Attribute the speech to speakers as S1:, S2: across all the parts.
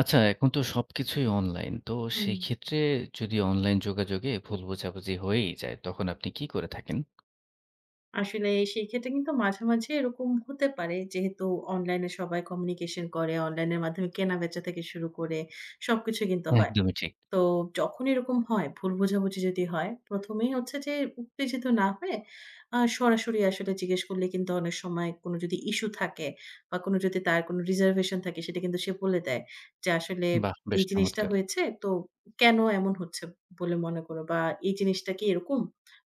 S1: আচ্ছা, এখন তো সবকিছুই অনলাইন। তো
S2: হুম।
S1: সেক্ষেত্রে, যদি অনলাইন যোগাযোগে ভুল বোঝাবুঝি হয়েই যায়, তখন আপনি কী করে থাকেন?
S2: আসেনাই সেই ক্ষেত্রে কিন্তু মাঝামাঝি এরকম হতে পারে, যেহেতু অনলাইন এ সবাই কমিউনিকেশন করে, অনলাইনের মাধ্যমে কেনা-বেচা থেকে শুরু করে সবকিছু কিন্তু হয়।
S1: একদমই ঠিক।
S2: তো যখন এরকম হয় ভুল বোঝাবুঝি যদি হয়, প্রথমেই হচ্ছে যে উত্তেজিত না হয়ে, আ সরাসরি আসলে জিজ্ঞেস করলে কিন্তু অনেক সময় কোনো যদি ইশ্যু থাকে বা কোনো যদি তার কোন রিজার্ভেশন থাকে সেটা কিন্তু সে বলে দেয়, যে আসলে
S1: বাহ! বেশ
S2: এই জিনিসটা
S1: চমৎকার।
S2: হয়েছে তো কেন এমন হচ্ছে? বলে মনে কর বা এই জিনিসটা কি এরকম?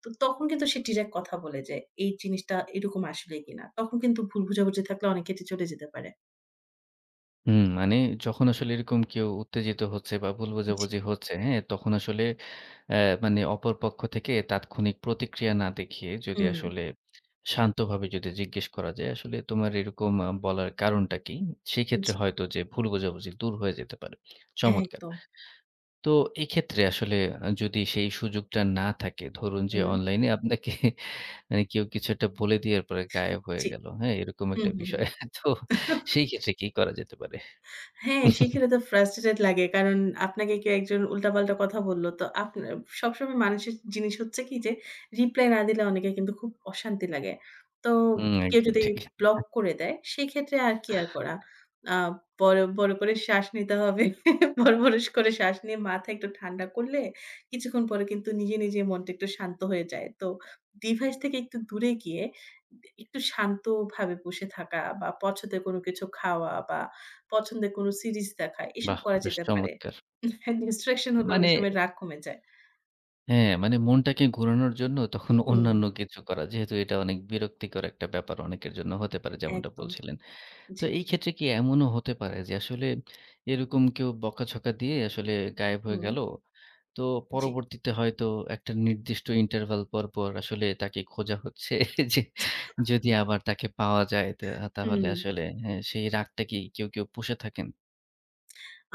S2: তো তখন কিন্তু সে ডিরেক্ট কথা বলে যে, এই জিনিসটা এরকম আসলে কিনা তখন কিন্তু ভুল বোঝাবুঝি থাকলে অনেক ক্ষেত্রে চটে যেতে পারে।
S1: হুম, মানে যখন আসলে এরকম কেউ উত্তেজিত হচ্ছে বা ভুল
S2: জি।
S1: বোঝাবুঝি হচ্ছে, হ্যাঁ? তখন আসলে অ্যা মানে অপর পক্ষ থেকে তাৎক্ষণিক প্রতিক্রিয়া না দেখিয়ে যদি
S2: হুম।
S1: আসলে শান্তভাবে যদি জিজ্ঞেস করা যায়, "আসলে তোমার এরকম আ বলার কারণটা কী?" সেইক্ষেত্রে
S2: জি।
S1: হয়তো যে ভুল বোঝাবুঝি দূর হয়ে যেতে পারে, চমৎকার।
S2: একদম।
S1: তো এক্ষেত্রে আসলে আ যদি সেই সুযোগটা না থাকে ধরুন যে
S2: হুম।
S1: অনলাইনে আপনাকে মানে কেউ কিছু একটা বলে দিয়ার পরে গায়েব হয়ে
S2: জি
S1: গেল হ্যাঁ এরকম
S2: হুম,
S1: একটা
S2: হুম।
S1: বিষয়। তো সেই কেসে কি করা যেতে পারে?
S2: হ্যাঁ, শিখলে তো frustrated লাগে। কারণ আপনাকে কেউ একজন উল্টা-পাল্টা কথা বলল। তো আপনা সবসময় মানুষের জিনিস হচ্ছে কি? যে, রিপ্লাই না দিলে অনেকে কিন্তু খুব অশান্তি লাগে তো
S1: হুম
S2: কেউ
S1: একদম
S2: যদি
S1: ঠি।
S2: ব্লক করে দেয়, সেক্ষেত্রে আর কি আর করা। আ বড়, বড় করে শ্বাস নিতে হবে। বড়, বড় করে শ্বাস নিয়ে মাথা একটু ঠান্ডা করলে কিছুক্ষণ পরে কিন্তু নিজে, নিজে মনটা একটু শান্ত হয়ে যায়। তো ডিভাইস থেকে একটু দূরে গিয়ে দ একটু শান্তভাবে বসে থাকা বা পছন্দের কোন কিছু খাওয়া বা পছন্দের কোন সিরিজ দেখা এসব
S1: বাহ!
S2: করা
S1: বেশ
S2: যেতে পারে
S1: চমৎকার।
S2: [unintelligible] instruction হলে অনেক
S1: মানে
S2: সময় রাগ কমে যায়।
S1: হ্যাঁ, মানে মনটাকে ঘোরানোর জন্য তখন
S2: হুম।
S1: অন্যান্য কিছু করা। যেহেতু এটা অনেক বিরক্তিকর একটা ব্যাপার অনেকের জন্য হতে পারে যেমনটা
S2: একদম,
S1: বলছিলেন। তো
S2: জি।
S1: এই ক্ষেত্রে কি এমনও হতে পারে যে আসলে এরকম কেউ বকাঝকা দিয়ে আসলে গায়েব হয়ে
S2: হুম।
S1: গেল। তো
S2: জি।
S1: পরবর্তীতে হয়তো একটা নির্দিষ্ট ইন্টারভাল পরপর আসলে তাকে খোঁজা হচ্ছে যে যদি আবার তাকে পাওয়া যায় তো তাহলে
S2: হুম।
S1: আসলে হ্যাঁ, সেই রাগটা কি কেউ, কেউ পুষে থাকেন?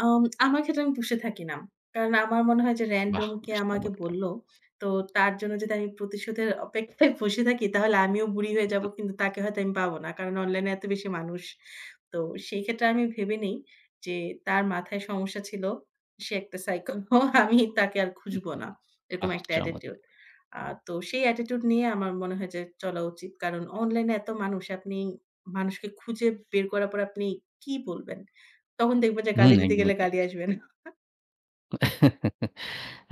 S2: আম আমার ক্ষেত্রে আমি পুষে থাকি না। কারণ আমার মনে হয় যে,
S1: বাহ!
S2: রেন্ডম কে
S1: বেশ
S2: আমাকে
S1: চমৎকার।
S2: বলল তো তার জন্য যদি আমি প্রতিশোধের অপেক্ষায় বসে থাকি তাহলে আমিও বুড়ি হয়ে যাব।
S1: হুম।
S2: কিন্তু তাকে হয়তো আমি পাবো না কারণ অনলাইনে এত বেশি মানুষ। তো সেই ক্ষেত্রে আমি ভেবে নেই যে তার মাথায় সমস্যা ছিল। সে একটা সাইকেল হ্যাঁ, আমি তাকে আর
S1: হুম, হুম,
S2: খুঁজবো না।
S1: হুম,
S2: এরকম
S1: বাহ!
S2: একটা
S1: চমৎকার।
S2: অ্যাটিটিউড। আ তো সেই অ্যাটিটিউড নিয়ে আমার মনে হয় যে চলা উচিত। কারণ অনলাইনে এত মানুষ আপনি মানুষকে খুঁজে বের করার পর আপনি কি বলবেন? তখন দেখব যে
S1: হুম,
S2: গালি দিতে
S1: একদমই
S2: গেলে
S1: ঠিক।
S2: গালি আসবে না।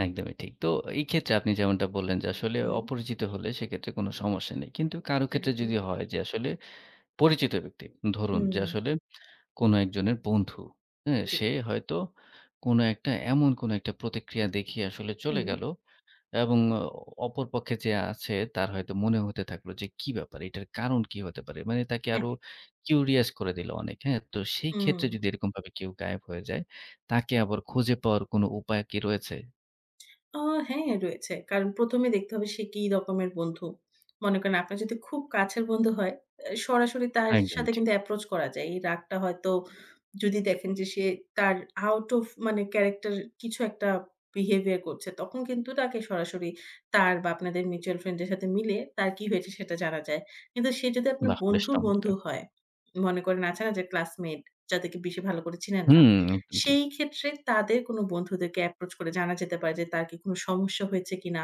S1: একদমই ঠিক, তো এইক্ষেত্রে আপনি যেমনটা বললেন যে আসলে
S2: হুম।
S1: অপরিচিত হলে সেক্ষেত্রে কোন সমস্যা নেই। কিন্তু কারো ক্ষেত্রে
S2: একদম।
S1: যদি হয় যে, আসলে পরিচিত ব্যক্তি ধরুন যে
S2: হুম।
S1: আসলে কোন একজনের বন্ধু, হ্যাঁ
S2: জি।
S1: সে হয়তো কোনো একটা এমন কোনো একটা প্রতিক্রিয়া দেখিয়ে আসলে চলে
S2: হুম।
S1: গেল এবং অপর পক্ষে যে আছে তার হয়তো মনে হতে থাকলো যে কি ব্যাপার। এটার কারণ কী হতে পারে। মানে তাকে
S2: হ্যাঁ।
S1: আরো কিউরিয়াস করে দিল অনেক হ্যাঁ, তো সেই ক্ষেত্রে
S2: হুম।
S1: যদি এরকমভাবে কেউ গায়েব হয়ে যায় তাকে আবার খুঁজে পাওয়ার কোন উপায় কি রয়েছে?
S2: ও! হ্যাঁ রয়েছে। কারণ এ দেখতে হবে সে কি রকমের বন্ধু। মনে করেন আপনার যদি খুব কাছের বন্ধু হয়, অ্যা সরাসরি তার
S1: একদম
S2: সাথে
S1: ঠিক।
S2: কিন্তু এপ্রোচ করা যায়। এই রাগটা হয়তো যদি দেখেন যে সে তার আউট ওফ মানে ক্যারাক্টার কিছু একটা বিহেভিয়ার করছে তখন কিন্তু তাকে সরাসরি তার বা আপনাদের মিউচুয়াল ফ্রেন্ড এর সাথে মিলে তার কী হয়েছে সেটা জানা যায়। কিন্তু সে যদি আপনার
S1: বাহ বেশ
S2: বন্ধুর বন্ধু
S1: চমৎকার!
S2: হয়, মনে করেন আছে না যে ক্লাসমেট যাদেরকে বেশি ভালো করে চিনেন না।
S1: হুম, একদম ঠিক।
S2: সেই ক্ষেত্রে তাদের কোন বন্ধুদেরকে এপ্রোচ করে জানা যেতে পারে যে তার কি কোন সমস্যা হয়েছে কিনা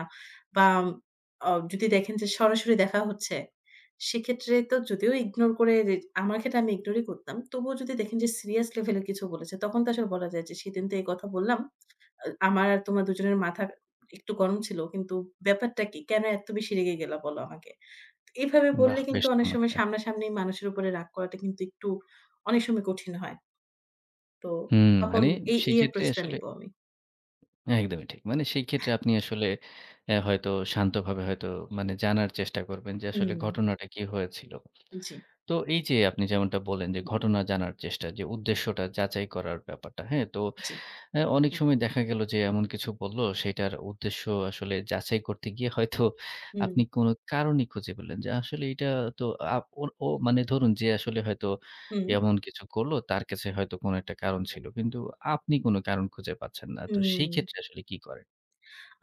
S2: বা অ যদি দেখেন যে সরাসরি দেখা হচ্ছে, সেক্ষেত্রে তো যদিও ইগনোর করে আমার ক্ষেত্রে আমি ইগনোরই করতাম। তবুও যদি দেখেন যে সিরিয়াস লেভেলে কিছু বলেছে তখন তো আসলে বলা যায় যে সেদিন তো এই কথা বললাম। আমার আর তোমার ২ জনের মাথা একটু গরম ছিল। কিন্তু ব্যাপারটা কী? কেন এত বেশি রেগে গেলা বলো আমাকে। এভাবে বললে
S1: বাহ
S2: কিন্তু
S1: বেশ
S2: অনেক সময়
S1: চমৎকার!
S2: সামনাসামনি মানুষের উপরে রাগ করাটা কিন্তু একটু অনেক সময় কঠিন হয়। তো
S1: হুম
S2: তখন
S1: মানে
S2: এই, এই
S1: সেক্ষেত্রে
S2: এপ্রোচ টা
S1: আসলে
S2: নিবো আমি।
S1: একদমই ঠিক। মানে সেই ক্ষেত্রে আপনি আসলে এ হয়তো শান্তভাবে হয়তো মানে জানার চেষ্টা করবেন যে আসলে
S2: উম।
S1: ঘটনাটা কী হয়েছিল।
S2: জী।
S1: তো এই যে আপনি যেমনটা বলেন যে ঘটনা জানার চেষ্টা যে উদ্দেশ্যটা যাচাই করার ব্যাপারটা। হ্যাঁ, তো
S2: জী।
S1: এ অনেক সময় দেখা গেল যে এমন কিছু বলল সেটার উদ্দেশ্য আসলে যাচাই করতে গিয়ে হয়তো
S2: হুম।
S1: আপনি কোন কারণই খুঁজে পেলেন। যে আসলে এটা তো আ ও ও মানে ধরুন যে আসলে হয়তো
S2: হুম।
S1: এমন কিছু করল তার কাছে হয়তো কোন একটা কারণ ছিল। কিন্তু আপনি কোন কারণ খুঁজে পাচ্ছেন না। তো সেই
S2: উম।
S1: ক্ষেত্রে আসলে কী করেন?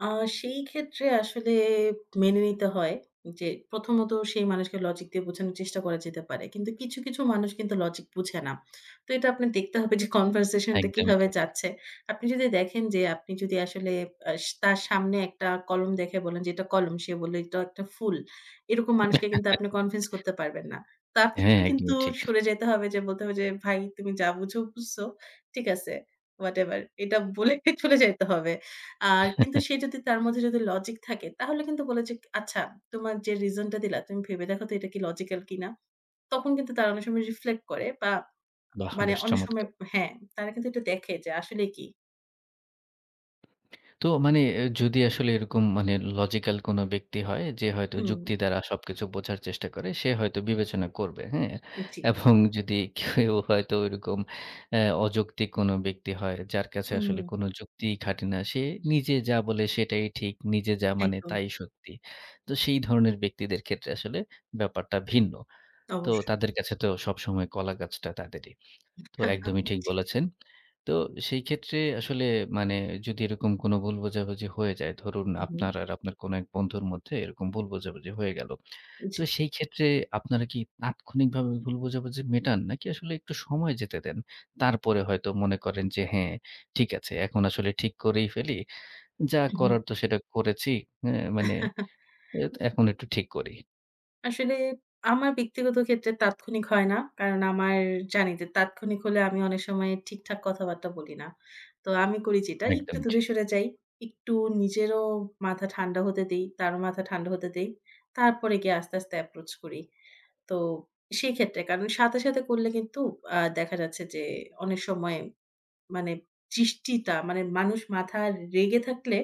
S2: আ সেই ক্ষেত্রে আসলে মেনে নিতে হয়। যে ১ম ত সেই মানুষকে লজিক দিয়ে বোঝানোর চেষ্টা করা যেতে পারে। কিন্তু কিছু, কিছু মানুষ কিন্তু লজিক বুঝে না। তো এটা আপনার দেখতে হবে যে কনভারসেশন টা
S1: একদমই
S2: কিভাবে
S1: ঠিক।
S2: যাচ্ছে। আপনি যদি দেখেন যে, আপনি যদি আসলে আ তার সামনে একটা কলম দেখে বলেন যে "এটা কলম। সে বলল এটা একটা ফুল।" এরকম মানুষকে কিন্তু আপনি কনভিন্স করতে পারবেন না। তার
S1: হ্যাঁ,
S2: কিন্তু
S1: একদমই ঠিক।
S2: সরে যাইতে হবে যে বলতে হবে যে "ভাই তুমি যা বুঝো বুঝছো, ঠিক আছে। ওয়াটেভার" এটা বলে চলে যাইতে হবে। আর কিন্তু সে যদি তার মধ্যে যদি লজিক থাকে তাহলে কিন্তু বলে যে "আচ্ছা তোমার যে রিজন টা দিলা তুমি ভেবে দেখো তো এটা কি লজিক্যাল কিনা?" তখন কিন্তু তারা অনেক সময় রিফ্লেক্ট করে বা
S1: বাহ!
S2: মানে
S1: বেশ
S2: অনেক সময়
S1: চমৎকার।
S2: হ্যাঁ, তারা কিন্তু এটা দেখে যে আসলে কী?
S1: তো মানে যদি আসলে এরকম মানে লজিক্যাল কোনো ব্যক্তি হয় যে, হয়তো
S2: হুম।
S1: যুক্তি দ্বারা সবকিছু বোঝার চেষ্টা করে, সে হয়তো বিবেচনা করবে, হ্যাঁ
S2: জি।
S1: এবং যদি কেউ হয়তো ওরকম অ্যা অযৌক্তিক কোন ব্যক্তি হয় যার কাছে আসলে
S2: উহুম।
S1: কোন যুক্তিই খাটে না। সে নিজে যা বলে সেটাই ঠিক। নিজে যা মানে
S2: একদম।
S1: তাই শক্তি। তো সেই ধরনের ব্যক্তিদের ক্ষেত্রে আসলে ব্যাপারটা ভিন্ন। তো
S2: অবশ্যই।
S1: তাদের কাছে তো সবসময় কলাগাছটা তাদেরই। তো একদমই ঠিক
S2: জি।
S1: বলেছেন। তো সেই ক্ষেত্রে আসলে মানে যদি এরকম কোন ভুল বোঝাবুঝি হয়ে যায় ধরুন
S2: উহুম।
S1: আপনার আর আপনার কোন এক বন্ধুর মধ্যে এরকম ভুল বোঝাবুঝি হয়ে গেল। তো
S2: জি।
S1: সেই ক্ষেত্রে আপনারা কি তাৎক্ষণিকভাবে ভুল বোঝাবুঝি মেটান নাকি আসলে একটু সময় যেতে দেন? তারপরে হয়তো মনে করেন যে হ্যাঁ, ঠিক আছে। এখন আসলে ঠিক করেই ফেলি। যা
S2: উহুম।
S1: করার তো সেটা করেছি। আ মানে অইত এখন একটু ঠিক করি।
S2: আসলে আমার ব্যক্তিগত ক্ষেত্রে তাৎক্ষণিক হয় না। কারণ আমার জানি যে তাৎক্ষণিক হলে আমি অনেক সময় ঠিকঠাক কথাবার্তা বলি না। তো আমি করি যেটা একটু
S1: একদমই
S2: দূরে
S1: ঠিক।
S2: সরে যাই, একটু নিজেরও মাথা ঠান্ডা হতে দেই, তারও মাথা ঠান্ডা হতে দেই তারপরে গিয়ে আস্তে, আস্তে approach করি। তো সেই ক্ষেত্রে কারণ সাথে, সাথে করলে কিন্তু আ দেখা যাচ্ছে যে অনেক সময় মানে জিসটিতা মানে মানুষ মাথা রেগে থাকলে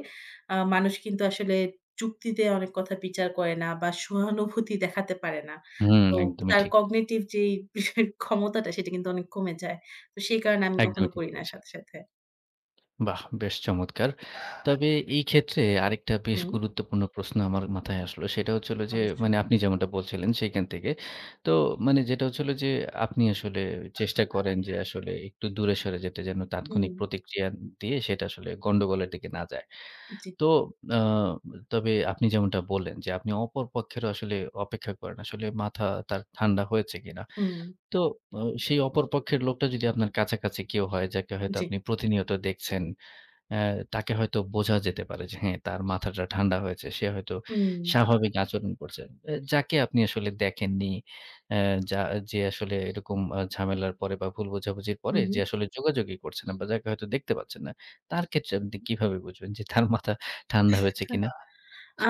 S2: আ মানুষ কিন্তু আসলে যুক্তিতে অনেক কথা বিচার করে না বা সহানুভূতি দেখাতে পারে না।
S1: হুম,
S2: তো
S1: একদমই
S2: তার
S1: ঠিক।
S2: cognitive যেই বিষয়ের ক্ষমতাটা সেটা কিন্তু অনেক কমে যায়। তো সেই কারণে আমি কখনো
S1: একদমই ঠিক
S2: করি না
S1: বলেছেন।
S2: সাথে, সাথে।
S1: বাহ! বেশ চমৎকার। তবে এই ক্ষেত্রে আরেকটা বেশ
S2: হুম।
S1: গুরুত্বপূর্ণ প্রশ্ন আমার মাথায় আসলো সেটা হচ্ছে হলো যে
S2: অবশ্যই।
S1: মানে আপনি যেমনটা বলছিলেন সেইখান থেকে। তো মানে যেটা হচ্ছে হলো যে আপনি আসলে চেষ্টা করেন যে আসলে একটু দূরে সরে যেতে যেন
S2: হুম।
S1: তাৎক্ষণিক প্রতিক্রিয়া দিয়ে সেটা আসলে গন্ডগোলের দিকে না যায়।
S2: জি।
S1: তো আ তবে আপনি যেমনটা বললেন যে আপনি অপর পক্ষেরও আসলে অপেক্ষা করেন আসলে মাথাটা তার ঠান্ডা হয়েছে কিনা।
S2: হুম।
S1: তো ও সেই অপর পক্ষের লোকটা যদি আপনার কাছাকাছি কেউ হয় যাকে হয়তো
S2: জি।
S1: আপনি প্রতিনিয়ত দেখছেন, আ তাকে হয়তো বোঝা যেতে পারে যে হ্যাঁ, তার মাথাটা ঠান্ডা হয়েছে সে হয়তো
S2: হুম।
S1: স্বাভাবিক আচরণ করছে। এ যাকে আপনি আসলে দেখেননি, অ্যা যা যে আসলে এরকম আ ঝামেলার পরে বা ভুল বোঝাবুঝির
S2: হুম,
S1: পরে যে
S2: হুম।
S1: আসলে যোগাযোগই করছে না বা যাকে হয়তো দেখতে পাচ্ছেন না। তার ক্ষেত্রে আপনি কিভাবে বুঝবেন যে তার মাথা ঠান্ডা হয়েছে কিনা?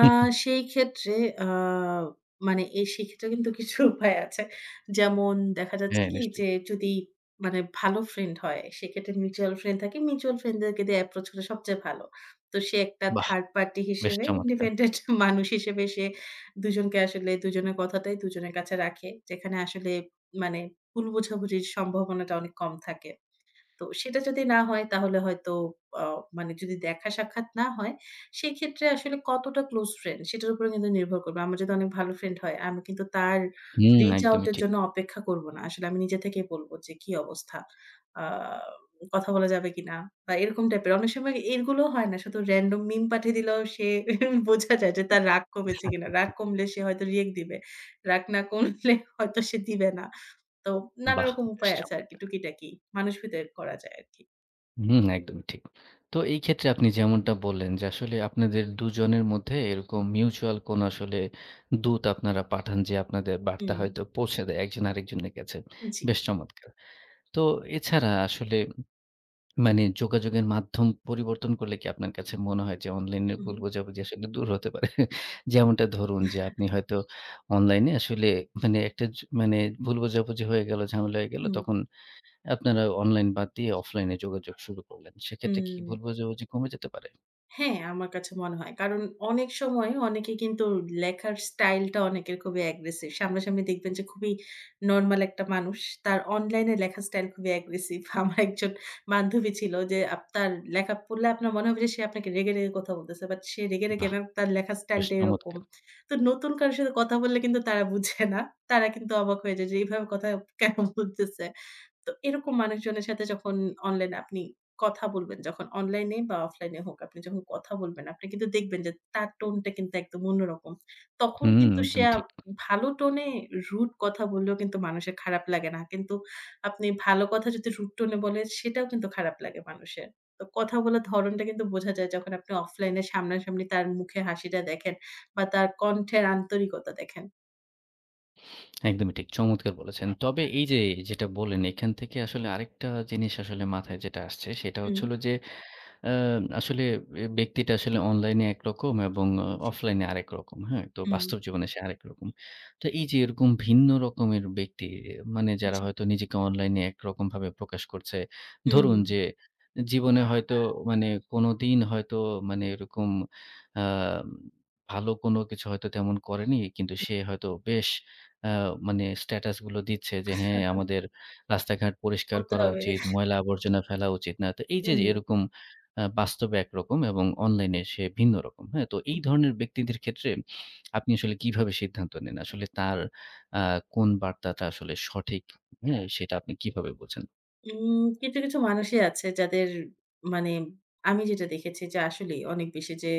S2: আ সেই ক্ষেত্রে আ মানে এ সেক্ষেত্রেও কিন্তু কিছু উপায় আছে। যেমন দেখা যাচ্ছে
S1: হ্যাঁ
S2: কি
S1: নিশ্চয়ই।
S2: যে যদি মানে ভালো ফ্রেন্ড হয়, সেক্ষেত্রে মিউচুয়াল ফ্রেন্ড থাকে। মিউচুয়াল ফ্রেন্ড দেরকে দিয়ে approach হলে সবচেয়ে ভালো। তো সে একটা
S1: বাহ!
S2: থার্ড পার্টি
S1: বেশ
S2: হিসেবে
S1: চমৎকার!
S2: ইন্ডিপেন্ডেন্ট মানুষ হিসেবে সে দুজনকে আসলে দুজনের কথাটাই দুজনের কাছে রাখে। যেখানে আসলে মানে ভুল বোঝাবুঝির সম্ভাবনাটা অনেক কম থাকে। তো সেটা যদি না হয় তাহলে হয়তো অ মানে যদি দেখা সাক্ষাৎ না হয়, সেক্ষেত্রে আসলে কতটা ক্লোজ ফ্রেন্ড সেটার উপরে কিন্তু নির্ভর করবে। আমার যদি অনেক ভালো ফ্রেন্ড হয় আমি কিন্তু তার
S1: হুম,
S2: reach out
S1: একদমই
S2: এর
S1: ঠিক।
S2: জন্য অপেক্ষা করব না, আসলে আমি নিজে থেকেই বলব যে কি অবস্থা? আ কথা বলা যাবে কিনা? বা এরকম টাইপের অনেক সময় এর গুলোও হয় না শুধু random meme পাঠিয়ে দিলেও সে বোঝা যায় যে তার রাগ কমেছে কিনা। রাগ কমলে সে হয়তো react দিবে, রাগ না কমলে হয়তো সে দিবে না। তো নানা
S1: বাহ!
S2: রকম
S1: বেশ
S2: উপায় আছে আরকি
S1: চমৎকার!
S2: টুকিটাকি। মানুষ ভিতরে করা যায় আরকি।
S1: হুম, একদমই ঠিক। তো এই ক্ষেত্রে আপনি যেমনটা বললেন, যে আসলে আপনাদের ২ জনের মধ্যে এরকম মিউচুয়াল কোন আসলে দূত আপনারা পাঠান। যে আপনাদের বার্তা
S2: হম।
S1: হয়তো পৌঁছে দেয় একজন আরেকজনের কাছে।
S2: জি।
S1: বেশ চমৎকার। তো, এছাড়া আসলে মানে যোগাযোগের মাধ্যম পরিবর্তন করলে কি আপনার কাছে মনে হয় যে অনলাইনে ভুল
S2: উহুম।
S1: বোঝাবুঝি আসলে দূর হতে পারে? যেমনটা ধরুন যে, আপনি হয়তো অনলাইনে আসলে মানে একটা ছু মানে ভুল বোঝাবুঝি হয়ে গেল, ঝামেলা হয়ে গেল।
S2: হুম।
S1: তখন আপনারা অনলাইন বাদ দিয়ে অফলাইন এ যোগাযোগ শুরু করলেন। সেক্ষেত্রে কি
S2: হুম।
S1: ভুল বুঝা বুঝি কমে যেতে পারে?
S2: হ্যাঁ, আমার কাছে মনে হয়। কারণ অনেক সময় অনেকে কিন্তু লেখার স্টাইল টা অনেকের খুবই অ্যাগ্রেসিভ। সামনাসামনি দেখবেন যে খুবই নরমাল একটা মানুষ। তার অনলাইনে লেখার স্টাইল খুবই অ্যাগ্রেসিভ। আমার একজন বান্ধবী ছিল যে আপনার লেখা পড়লে আপনার মনে হবে যে সে আপনাকে রেগে, রেগে কথা বলতেছে। বাট সে রেগে রেগে
S1: বাহ!
S2: না, তার লেখার স্টাইল
S1: বেশ
S2: টা এরকম।
S1: চমৎকার।
S2: তো নতুন কারোর সাথে কথা বললে কিন্তু তারা বুঝে না। তারা কিন্তু অবাক হয়ে যায়। যে এইভাবে কথা কেন বলতেছে? তো এরকম মানুষজনের সাথে যখন অনলাইন এ আপনি কথা বলবেন। যখন অনলাইনে বা অফলাইন এ হোক, আপনি যখন কথা বলবেন। আপনি কিন্তু দেখবেন যে, তার টোন টা কিন্তু একদম অন্যরকম। তখন
S1: হুম,
S2: কিন্তু সে
S1: একদমই
S2: আও
S1: ঠিক।
S2: ভালো টোনে রুড কথা বললেও কিন্তু মানুষের খারাপ লাগে না। কিন্তু আপনি ভালো কথা যদি রুড টোনে বলে সেটাও কিন্তু খারাপ লাগে মানুষের। তো কথা বলার ধরণটা কিন্তু বোঝা যায়। যখন আপনি অফলাইন সামনাসামনি তার মুখে হাসিটা দেখেন বা তার কণ্ঠের আন্তরিকতা দেখেন।
S1: একদমই ঠিক। চমৎকার বলেছেন। তবে এই যে যেটা বলেন এখান থেকে আসলে আরেকটা জিনিস আসলে মাথায় যেটা আসছে সেটা হচ্ছে
S2: হুম।
S1: হল যে অ্যা আসলে অ্যা ব্যক্তিটা আসলে অনলাইনে একরকম এবং অ
S2: জি।
S1: অফলাইনে আরেকরকম। হ্যাঁ? তো
S2: হুম।
S1: বাস্তব জীবনে সে আরেকরকম। তো এই যে এরকম ভিন্ন রকমের ব্যক্তি মানে যারা
S2: জি।
S1: হয়তো নিজেকে অনলাইনে একরকমভাবে প্রকাশ করছে। ধরুন
S2: হুম।
S1: যে জীবনে হয়তো কোনদিন হয়তো মানে এরকম আ ভালো কোনো কিছু হয়তো তেমন করেনি। কিন্তু সে হয়তো বেশ আ মানে স্ট্যাটাস গুলো দিচ্ছে যে, "হ্যাঁ আমাদের রাস্তাঘাট পরিষ্কার
S2: করতে
S1: করা
S2: হবে।
S1: উচিত, ময়লা আবর্জনা ফেলা উচিত না।" তো এইযে যে
S2: হুম।
S1: এরকম আ বাস্তবে একরকম এবং অনলাইনে সে ভিন্নরকম। তো এই ধরনের ব্যক্তিদের ক্ষেত্রে আপনি আসলে কিভাবে সিদ্ধান্ত নেন? আসলে তার আ কোন বার্তাটা আসলে সঠিক, হ্যাঁ? সেটা আপনি কিভাবে বুঝেন?
S2: হুম কিছু, কিছু মানুষই আছে যাদের মানে আমি যেটা দেখেছি যে আসলেই অনেক বেশি যে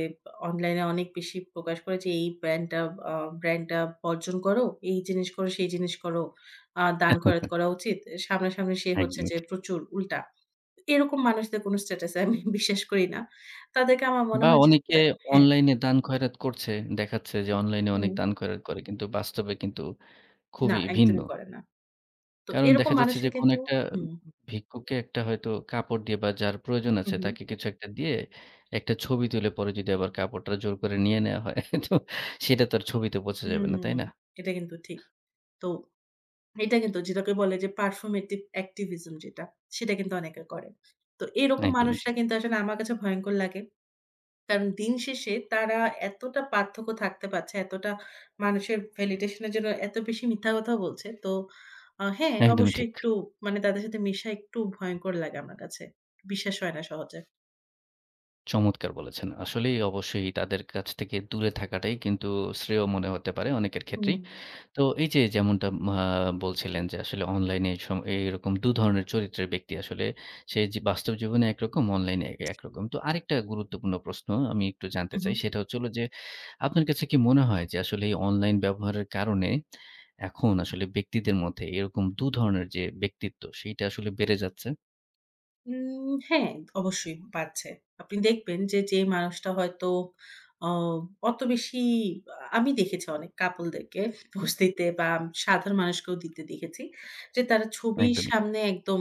S2: অনলাইনে অনেক বেশি প্রকাশ করে যে এই ব্র্যান্ডটা আ ব্র্যান্ড টা বর্জন করো, এই জিনিস করো, সেই জিনিস করো। আ দান খয়রাত করা উচিত। সামনাসামনি সে হচ্ছে
S1: একদমই
S2: যে
S1: ঠিক।
S2: প্রচুর উল্টা। এরকম মানুষদের কোনো স্ট্যাটাসে আমি বিশ্বাস করি না। তাদেরকে আমার মনে
S1: বা
S2: হয় যে
S1: অনেকে
S2: তা হ্যাঁ।
S1: অনলাইনে দান খয়রাত করছে। দেখাচ্ছে যে অনলাইনে অনেক
S2: হুম।
S1: দান খয়রাত করে। কিন্তু বাস্তবে কিন্তু
S2: না,
S1: খুবই ভিন্ন।
S2: একদমই করে না। তো
S1: কারণ
S2: এরকম
S1: দেখা যাচ্ছে যে
S2: মানুষের
S1: কোনো
S2: কিন্তু
S1: একটা উব
S2: হুম।
S1: ভিক্ষুকে একটা হয়তো কাপড় দিয়ে বা যার প্রয়োজন
S2: হু,
S1: আছে
S2: হু।
S1: তাকে কিছু একটা দিয়ে একটা ছবি তুলে পরে যদি আবার কাপড়টা জোর করে নিয়ে নেওয়া হয় হ্যাঁ তো সেটা তো আর ছবিতে বোঝা যাবে না।
S2: হুম।
S1: তাই না?
S2: এটা কিন্তু ঠিক। তো এইটা কিন্তু যেটাকে বলে যে, performative activism যেটা, সেটা কিন্তু অনেকে করে। তো এরকম
S1: একদমই
S2: মানুষরা
S1: ঠিক।
S2: কিন্তু আসলে আমার কাছে ভয়ংকর লাগে। কারণ দিন শেষে তারা এতটা পার্থক্য থাকতে পারছে। এতটা মানুষের ভ্যালিডেশন এর জন্য এত বেশি মিথ্যা কথা বলছে। তো আ হ্যাঁ
S1: একদমই
S2: অবশ্যই
S1: ঠিক।
S2: একটু মানে তাদের সাথে মেশা একটু ভয়ংকর লাগে আমার কাছে। বিশ্বাস হয় না সহজে।
S1: চমৎকার বলেছেন। আসলেই, অবশ্যই তাদের কাছ থেকে দূরে থাকাটাই কিন্তু শ্রেয় মনে হতে পারে অনেকের
S2: হুম।
S1: ক্ষেত্রেই। তো এই যে, যেমনটা মা বলছিলেন যে, আসলে অনলাইনে সম এ এইরকম দুধরনের চরিত্রের ব্যক্তি আসলে। সে যে বাস্তব জীবনে একরকম, অনলাইনে এ একরকম। তো আরেকটা গুরুত্বপূর্ণ প্রশ্ন আমি একটু জানতে
S2: হু,
S1: চাই
S2: হু।
S1: সেটা হচ্ছে হল যে, আপনার কাছে কি মনে হয় যে, আসলে এই অনলাইন ব্যবহারের কারণে এখন আসলে ব্যক্তিদের মধ্যে এরকম দুধরনের যে ব্যক্তিত্ব, সেইটা আসলে বেড়ে যাচ্ছে?
S2: উম হ্যাঁ, অবশ্যই পাচ্ছে। আপনি দেখবেন যে, যে মানুষটা হয়তো অ অত বেশি আ আমি দেখেছি অনেক কাপল দেরকে বস্তিতে বা সাধারণ মানুষকেও দিতে দেখেছি। যে তারা ছবির
S1: একদমই ঠিক।
S2: সামনে একদম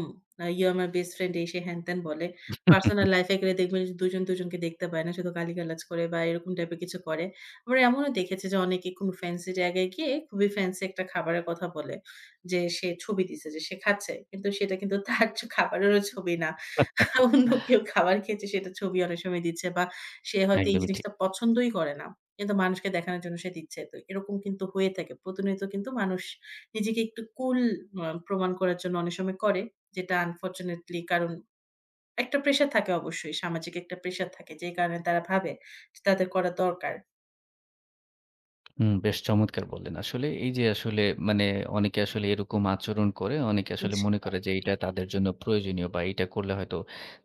S2: 'you are my best friend' এ সে হ্যান-ত্যান বলে। পার্সোনাল লাইফ এ গেলে দেখবেন যে দুজন দুজনকে দেখতে পায় না শুধু গালিগালাজ করে বা এরকম টাইপ এর কিছু করে। আবার এমনও দেখেছি যে, অনেকে খুব ফেন্সি জায়গায় গিয়ে খুবই ফেন্সি একটা খাবারের কথা বলে যে সে ছবি দিছে যে সে খাচ্ছে। কিন্তু সেটা কিন্তু তার জ খাবারেরও ছবি না। অন্য কেউ খাবার খেয়েছে, সেটার ছবি অনেক সময় দিচ্ছে। বা সে হয়তো এই
S1: একদমই ঠিক।
S2: জিনিসটা পছন্দই করে না কিন্তু মানুষকে দেখানোর জন্য সে দিচ্ছে। তো এরকম কিন্তু হয়ে থাকে প্রতিনিয়ত কিন্তু মানুষ নিজেকে একটু কুল আ প্রমাণ করার জন্য অনেক সময় করে। যেটা unfortunately কারণ একটা প্রেশার থাকে অবশ্যই সামাজিক একটা প্রেশার থাকে, যেই কারণে তারা ভাবে তাদের করা দরকার।
S1: হুম, বেশ চমৎকার বললেন। আসলে এই যে আসলে মানে অনেকে আসলে এরকম আচরণ করে, অনেকে আসলে
S2: জি।
S1: মনে করে যে এটা তাদের জন্য প্রয়োজনীয় বা এটা করলে হয়তো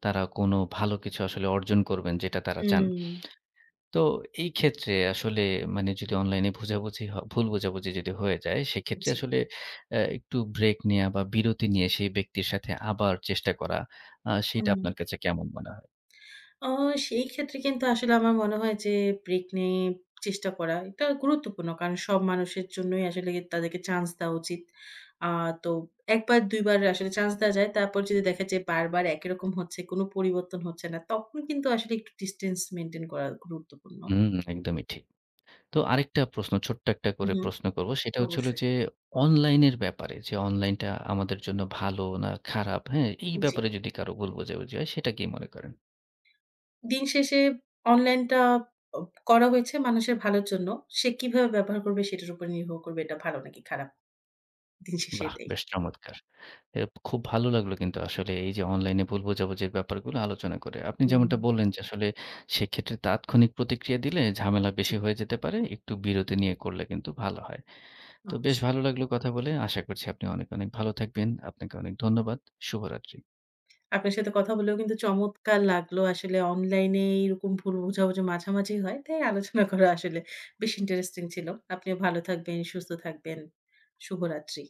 S1: তারা কোনো ভালো কিছু আসলে অর্জন করবেন যেটা তারা চান।
S2: হুম।
S1: তো এই ক্ষেত্রে আসলে মানে যদি অনলাইনে বোঝাবুঝি হ ভুল বোঝাবুঝি যদি হয়ে যায় সেক্ষেত্রে
S2: জি।
S1: আসলে অ্যা একটু ব্রেক নেয়া বা বিরতি নিয়ে সেই ব্যক্তির সাথে আবার চেষ্টা করা আ
S2: হুম।
S1: সেটা আপনার কাছে কেমন মনে হয়?
S2: অ সেই ক্ষেত্রে কিন্তু আসলে আমার মনে হয় যে ব্রেক নিয়ে চেষ্টা করা এটা গুরুত্বপূর্ণ। কারণ সব মানুষের জন্যই আসলে তাদেরকে চান্স দেওয়া উচিত। আ তো ১ বার, ২ বার আসলে চান্স দেয়া যায়। তারপর যদি দেখা যায় বারবার একইরকম হচ্ছে কোন পরিবর্তন হচ্ছে না। তখন কিন্তু আসলে একটু ডিসট্যান্স মেইনটেইন করা গুরুত্বপূর্ণ।
S1: হুম, একদমই ঠিক। তো আরেকটা প্রশ্ন ছোট্ট একটা করে
S2: উহু,
S1: প্রশ্ন করব। সেটা হচ্ছে হল
S2: অবশ্যই।
S1: যে অনলাইনের ব্যাপারে যে অনলাইনটা আমাদের জন্য ভালো না খারাপ, হ্যাঁ? এই
S2: জি।
S1: ব্যাপারে যদি কারো ভুল বোঝাবুঝি হয় সেটা কি মনে করেন?
S2: দিন শেষে অনলাইন টা আ করা হয়েছে মানুষের ভালোর জন্য। সে কিভাবে ব্যবহার করবে সেটার উপর নির্ভর করবে এটা ভালো নাকি খারাপ? দিন শেষে
S1: বাহ!
S2: এটাই।
S1: বেশ চমৎকার। এ খুব ভালো লাগলো কিন্তু আসলে এই যে অনলাইনে বোঝাবুঝির ব্যাপারগুলো আলোচনা করে। আপনি যেমনটা
S2: হুম।
S1: বললেন যে আসলে সেক্ষেত্রে তাৎক্ষণিক প্রতিক্রিয়া দিলে ঝামেলা
S2: জি।
S1: বেশি হয়ে যেতে পারে। একটু বিরতি নিয়ে করলে কিন্তু ভালো হয়। তো বেশ
S2: অবশ্যই।
S1: ভালো লাগলো কথা বলে আশা করছি আপনি অনেক, অনেক ভালো থাকবেন। আপনাকে অনেক ধন্যবাদ। শুভরাত্রি।
S2: আপনার সাথে কথা বলেও কিন্তু চমৎকার লাগলো। আসলে অনলাইন এ এরকম ভুল বোঝাবুঝা মাঝামাঝি হয়। তাই আলোচনা করা আসলে বেশ ইন্টারেস্টিং ছিল। আপনিও ভালো থাকবেন, সুস্থ থাকবেন। শুভরাত্রি।